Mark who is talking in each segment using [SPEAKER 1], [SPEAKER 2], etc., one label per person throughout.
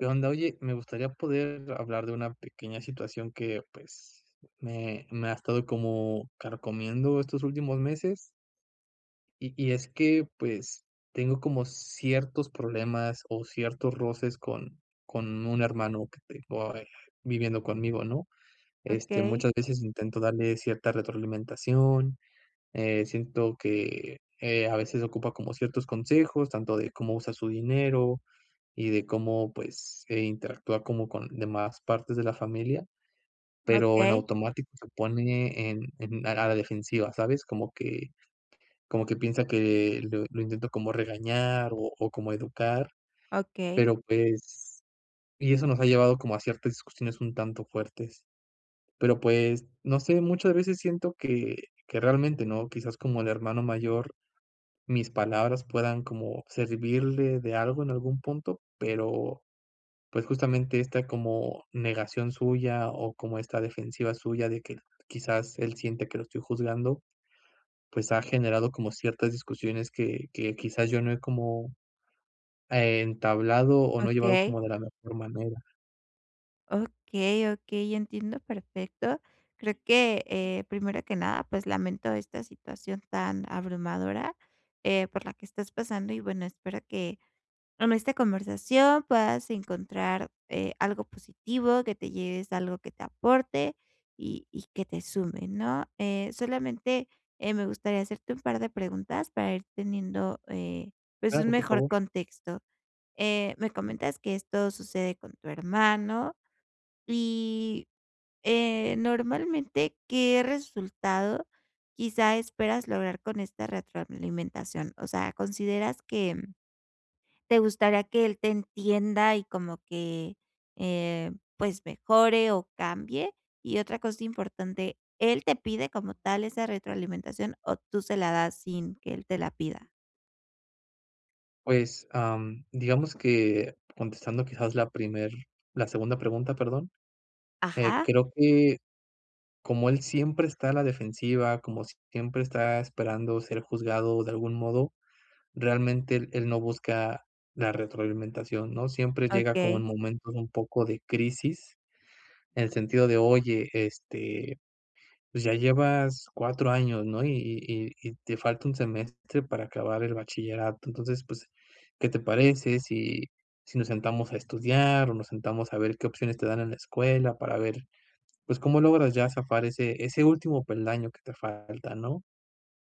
[SPEAKER 1] ¿Qué onda? Oye, me gustaría poder hablar de una pequeña situación que, pues, me me ha estado como carcomiendo estos últimos meses. Y y es que, pues, tengo como ciertos problemas o ciertos roces con con un hermano que tengo ahí viviendo conmigo, ¿no? Este,
[SPEAKER 2] Okey.
[SPEAKER 1] muchas veces intento darle cierta retroalimentación, eh, siento que, eh, a veces ocupa como ciertos consejos, tanto de cómo usar su dinero y de cómo, pues, eh, interactuar como con demás partes de la familia, pero en
[SPEAKER 2] Okey.
[SPEAKER 1] automático se pone en en a la defensiva, ¿sabes? Como que como que piensa que lo lo intento como regañar o o como educar,
[SPEAKER 2] Okey.
[SPEAKER 1] pero pues y eso nos ha llevado como a ciertas situaciones un tanto fuertes. Pero pues, no sé, muchas veces siento que que realmente no quizás como el hermano mayor, mis palabras puedan como servirle de algo en algún punto, pero pues, justamente esta como negación suya o como esta defensiva suya de que, quizás él siente que lo estoy juzgando, pues, ha generado como ciertas discusiones que que quizás yo no he como, e entablado o no he llevado
[SPEAKER 2] Okey.
[SPEAKER 1] como de la mejor manera.
[SPEAKER 2] Okey, okey, entiendo perfecto. Creo que, eh, primero que nada, pues lamento esta situación tan abrumadora, eh, por la que estás pasando, y bueno, espero que con esta conversación puedas encontrar, eh, algo positivo, que te lleves algo que te aporte y y que te sume, ¿no? Eh, solamente, eh, me gustaría hacerte un par de preguntas para ir teniendo, eh, pues un
[SPEAKER 1] Claro, por
[SPEAKER 2] mejor
[SPEAKER 1] favor.
[SPEAKER 2] contexto. Eh, me comentas que esto sucede con tu hermano y, eh, normalmente, ¿qué resultado quizá esperas lograr con esta retroalimentación? O sea, ¿consideras que te gustaría que él te entienda y como que, eh, pues, mejore o cambie? Y otra cosa importante, ¿él te pide como tal esa retroalimentación o tú se la das sin que él te la pida?
[SPEAKER 1] Pues, am, digamos que contestando quizás la primer la segunda pregunta, perdón, eh,
[SPEAKER 2] Ajá.
[SPEAKER 1] creo que como él siempre está a la defensiva, como siempre está esperando ser juzgado de algún modo, realmente él él no busca la retroalimentación, ¿no? Siempre llega como en
[SPEAKER 2] Okey.
[SPEAKER 1] momento de un poco de crisis, en el sentido de: "Oye, este, pues ya llevas 4 años, ¿no? Y y y y te falta un semestre para acabar el bachillerato. Entonces, pues, ¿qué te parece si si nos sentamos a estudiar o nos sentamos a ver qué opciones te dan en la escuela para ver, pues, cómo logras ya zafar ese ese último peldaño que te falta, no?".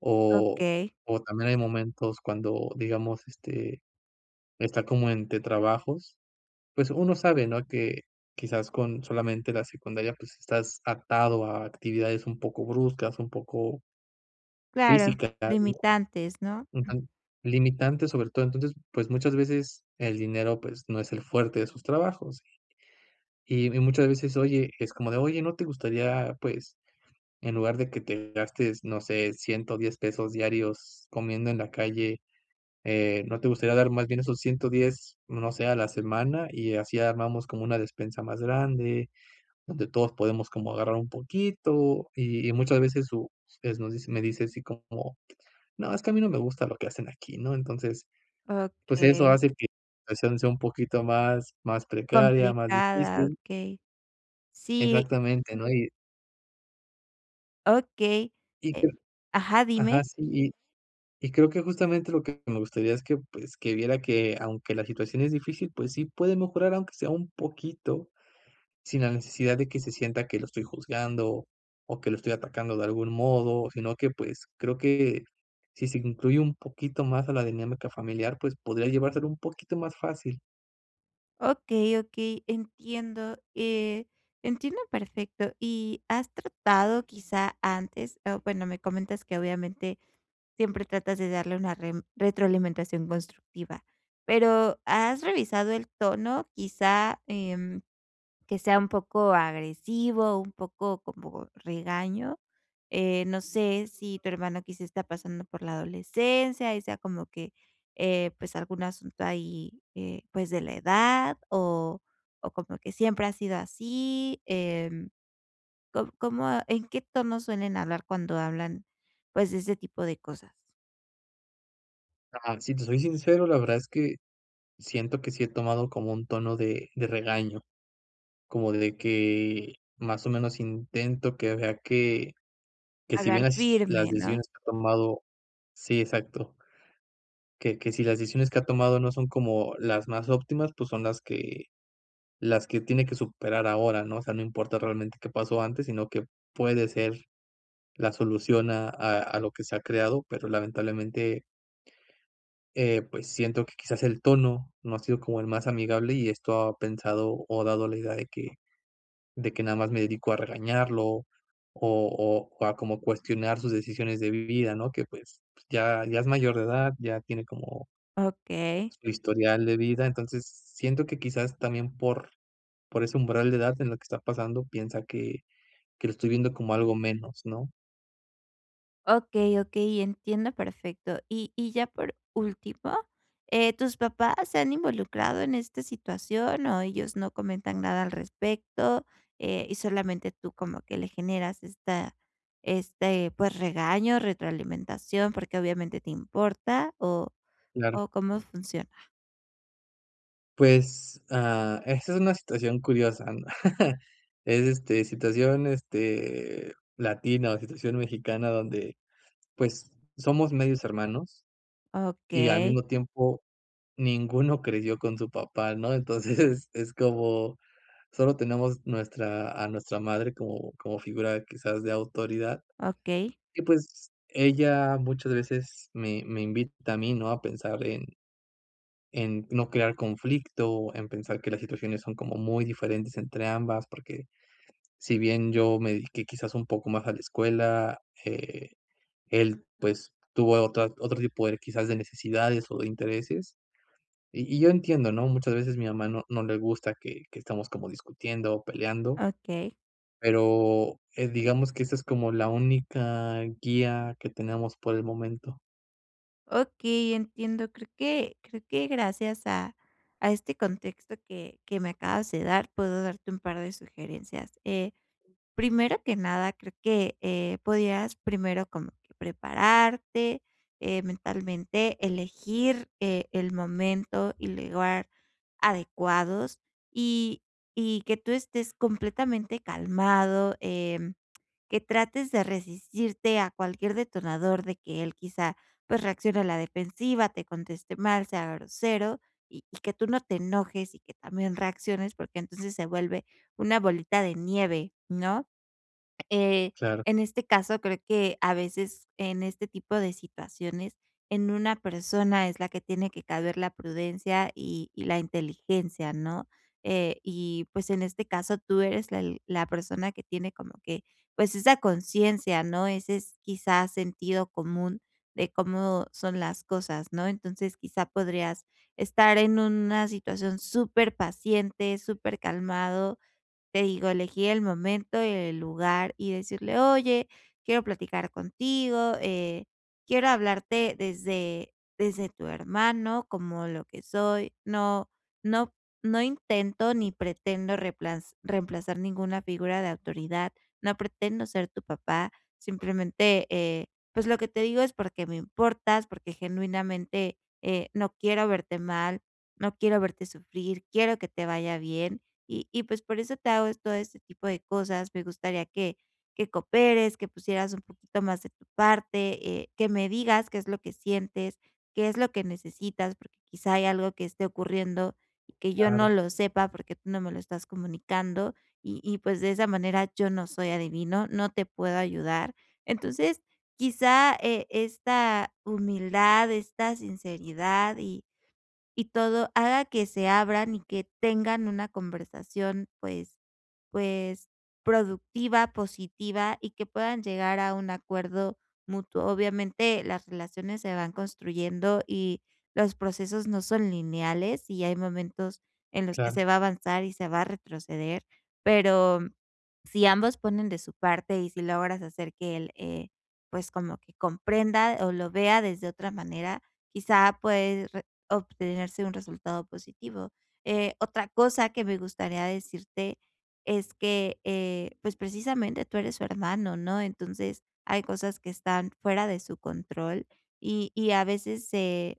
[SPEAKER 1] O
[SPEAKER 2] Okey.
[SPEAKER 1] o también hay momentos cuando, digamos, este, está como entre trabajos, pues uno sabe, ¿no?, que quizás con solamente la secundaria, pues estás atado a actividades un poco bruscas, un poco
[SPEAKER 2] Claro,
[SPEAKER 1] físicas, ¿no?
[SPEAKER 2] limitantes, ¿no?
[SPEAKER 1] Un tan limitantes, sobre todo. Entonces, pues, muchas veces el dinero, pues, no es el fuerte de sus trabajos. Y y muchas veces, oye, es como de: "Oye, ¿no te gustaría, pues, en lugar de que te gastes, no sé, $110 pesos diarios comiendo en la calle, eh, no te gustaría dar más bien esos 110, no sé, a la semana?, y así armamos como una despensa más grande, donde todos podemos como agarrar un poquito", y y muchas veces su es nos dice me dice así como: "No, es que a mí no me gusta lo que hacen aquí", ¿no? Entonces, pues eso
[SPEAKER 2] Okey.
[SPEAKER 1] hace que la situación sea un poquito más más precaria, más
[SPEAKER 2] Complicada,
[SPEAKER 1] difícil.
[SPEAKER 2] okey, sí.
[SPEAKER 1] Exactamente, ¿no? Y
[SPEAKER 2] Okey. Eh
[SPEAKER 1] [unintelligible]
[SPEAKER 2] ajá, dime.
[SPEAKER 1] Ajá, sí, y y creo que justamente lo que me gustaría es que, pues, que viera que, aunque la situación es difícil, pues sí puede mejorar aunque sea un poquito, sin la necesidad de que se sienta que lo estoy juzgando, o que lo estoy atacando de algún modo, sino que, pues, creo que si se incluye un poquito más a la dinámica familiar, pues podría llevárselo un poquito más fácil.
[SPEAKER 2] Okey, okey. Entiendo, eh, entiendo perfecto. Y, ¿has tratado quizá antes? O bueno, me comentas que obviamente siempre tratas de darle una rem- retroalimentación constructiva, pero, ¿has revisado el tono, quizá, em, que sea un poco agresivo, un poco como regaño? Eh, no sé si tu hermano quizá está pasando por la adolescencia, y sea como que, eh, pues algún asunto ahí, eh, pues de la edad, o o como que siempre ha sido así. Em, ¿cóm cómo en qué tono suelen hablar cuando hablan, pues, de ese tipo de cosas?
[SPEAKER 1] Ah, si te soy sincero, la verdad es que siento que sí he tomado como un tono de de regaño, como de que más o menos intento que vea que que si
[SPEAKER 2] Hablar
[SPEAKER 1] bien las las
[SPEAKER 2] firme, ¿no?
[SPEAKER 1] decisiones que he tomado sí exacto. Que que si las decisiones que ha tomado no son como las más óptimas, pues son las que las que tiene que superar ahora, ¿no? O sea, no importa realmente qué pasó antes, sino qué puede ser la solución a a a lo que se ha creado, pero lamentablemente eh, pues siento que quizás el tono no ha sido como el más amigable y esto ha pensado, o ha dado la idea de que de que nada más me dedico a regañarlo o o, a como cuestionar sus decisiones de vida, ¿no?, que pues pues ya ya es mayor de edad, ya tiene como
[SPEAKER 2] Okey.
[SPEAKER 1] su historial de vida. Entonces, siento que, quizás, también por por ese umbral de edad, en la que está pasando, piensa que que lo estoy viendo como algo menos, ¿no?
[SPEAKER 2] Okey, okey, entiendo perfecto. Y y ya por último, eh, ¿tus papás se han involucrado en este situación o ellos no comentan nada al respecto, eh, y solamente tú como que le generas esta este, pues, regaño, retroalimentación, porque obviamente te importa, o
[SPEAKER 1] Claro.
[SPEAKER 2] o cómo funciona?
[SPEAKER 1] Pues, ah, esta es una situación curiosa, es, este, situación, este, latina o situación mexicana donde, pues, somos medios hermanos, y al
[SPEAKER 2] Okey.
[SPEAKER 1] mismo tiempo ninguno creció con su papá, ¿no? Entonces, es como, sólo tenemos nuestra, a nuestra madre como como figura quizás de autoridad,
[SPEAKER 2] Okey.
[SPEAKER 1] y pues ella muchas veces me me invita a mí, ¿no? A pensar en en no crear conflicto, en pensar que las situaciones son como muy diferentes entre ambas, porque si bien yo me dedique quizás un poco más a la escuela, eh, él pues, tuvo otra otro tipo de quizás de necesidades o de intereses, y y yo entiendo, ¿no? Muchas veces, mi mamá no no le gusta que que estamos como discutiendo o peleando,
[SPEAKER 2] Okey.
[SPEAKER 1] pero, eh, digamos que esta es como la única guía que tenemos por el momento.
[SPEAKER 2] Okey, entiendo, creo que creo que gracias a a este contexto que que me acabas de dar puedo darte un par de sugerencias. Eh, primero que nada, creo que, eh, podías primero como que prepararte, eh, mentalmente, elegir e el momento y lugar adecuados, y y que tú estés completamente calmado, em, que trates de resistirte a cualquier detonador de que él quizá, pues reaccione a la defensiva, te conteste mal, sea grosero, y que tú no te enojes y que también reacciones, porque entonces se vuelve una bolita de nieve, ¿no? Eh,
[SPEAKER 1] Claro.
[SPEAKER 2] en este caso, creo que a veces en este tipo de situaciones en una persona es la que tiene que caber la prudencia y y la inteligencia, ¿no? Eh, y pues en este caso, tú eres el la persona que tiene como que, pues esa conciencia, ¿no? Ese es quizás sentido común de cómo son las cosas, ¿no? Entonces, quizá podrías estar en una situación superpaciente, supercalmado. Te digo, elegir el momento y el lugar y decirle: "Oye, quiero platicar contigo, eh, quiero hablarte desde desde tu hermano, como lo que soy, no no no intento ni pretendo repla reemplazar ninguna figura de autoridad, no pretendo ser tu papá, simplemente, eh, pues lo que te digo es porque me importas, porque genuinamente, eh, no quiero verte mal, no quiero verte sufrir, quiero que te vaya bien, y y pues por eso te hago todo este tipo de cosas. Me gustaría que que cooperes, que pusieras un poquito más de tu parte, eh, que me digas qué es lo que sientes, qué es lo que necesitas, porque quizá hay algo que esté ocurriendo, y que yo no
[SPEAKER 1] Claro.
[SPEAKER 2] lo sepa porque tú no me lo estás comunicando, y y pues de esa manera yo no soy adivino, no te puedo ayudar". Entonces quizá, e esta humildad, esta sinceridad y y todo haga que se abran y que tengan una conversación pues pues productiva, positiva, y que puedan llegar a un acuerdo mutuo. Obviamente las relaciones se van construyendo y los procesos no son lineales, y hay momentos en los que
[SPEAKER 1] Claro.
[SPEAKER 2] se va a avanzar y se va a retroceder. Pero si ambos ponen de su parte y si logras hacer que él, eh, pues como que comprenda o lo vea desde otra manera, quizá puede obtenerse un resultado positivo. Eh, otra cosa que me gustaría decirte es que, eh, pues precisamente tú eres su hermano, ¿no? Entonces, hay cosas que están fuera de su control, y y a veces se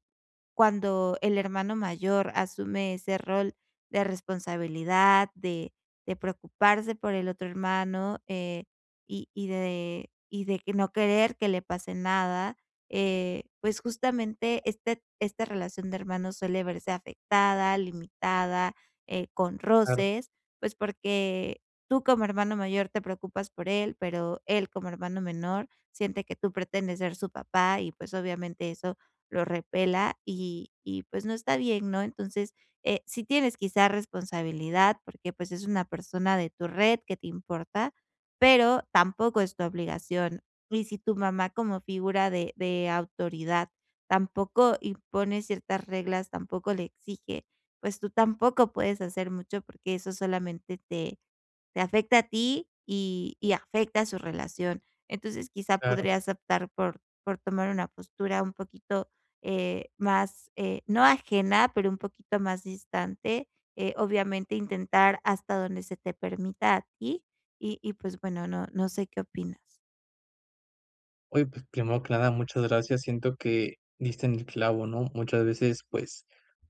[SPEAKER 2] cuando el hermano mayor asume ese rol de responsabilidad, de de preocuparse por el otro hermano, eh, y y de y de no querer que le pase nada, eh, pues justamente este esta relación de hermanos suele verse afectada, limitada, eh, con
[SPEAKER 1] Claro.
[SPEAKER 2] roces, pues porque tú como hermano mayor te preocupas por él, pero él como hermano menor siente que tú pretendes ser su papá, y pues obviamente eso lo repela y y pues no está bien, ¿no? Entonces, eh, sí tienes quizá responsabilidad, porque pues es una persona de tu red que te importa, pero tampoco es tu obligación. Y si tu mamá como figura de de autoridad tampoco impone ciertas reglas, tampoco le exige. Pues tú tampoco puedes hacer mucho, porque eso solamente te te afecta a ti, y afecta su relación. Entonces, quizá
[SPEAKER 1] Claro.
[SPEAKER 2] podrías optar por por tomar una postura un poquito, eh, más, eh, no ajena, pero un poquito más distante. Eh, obviamente intentar hasta donde se te permita a ti, y y pues bueno no no sé, ¿qué opinas?
[SPEAKER 1] Oye pues primero que nada, muchas gracias, siento que diste en el clavo, ¿no? Muchas veces, pues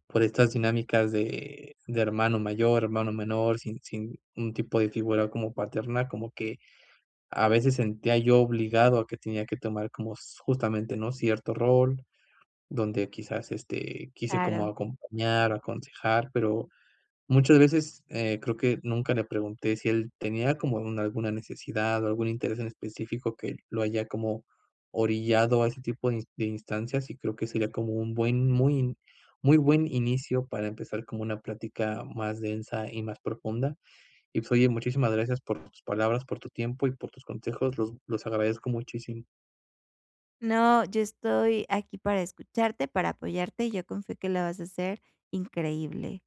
[SPEAKER 1] por estas dinámicas de de hermano mayor, hermano menor, sin sin un tipo de figura como paterna, como que a veces sentía yo obligado a que tenía que tomar como s justamente, ¿no? Cierto rol, donde quizás, este, quise como
[SPEAKER 2] Claro.
[SPEAKER 1] acompañar o aconsejar, pero muchas veces, eh, creo que nunca le pregunté si él tenía como alguna necesidad o algún interés en específico que lo haya como orillado a ese tipo de ins de instancias, y creo que sería como un buen muy muy buen inicio para empezar como una plática más densa y más profunda. Y pues oye, muchísimas gracias por tus palabras, por tu tiempo y por tus consejos, los los agradezco muchísimo.
[SPEAKER 2] No, yo estoy aquí para escucharte, para apoyarte, y yo con fe que la vas a hacer increíble.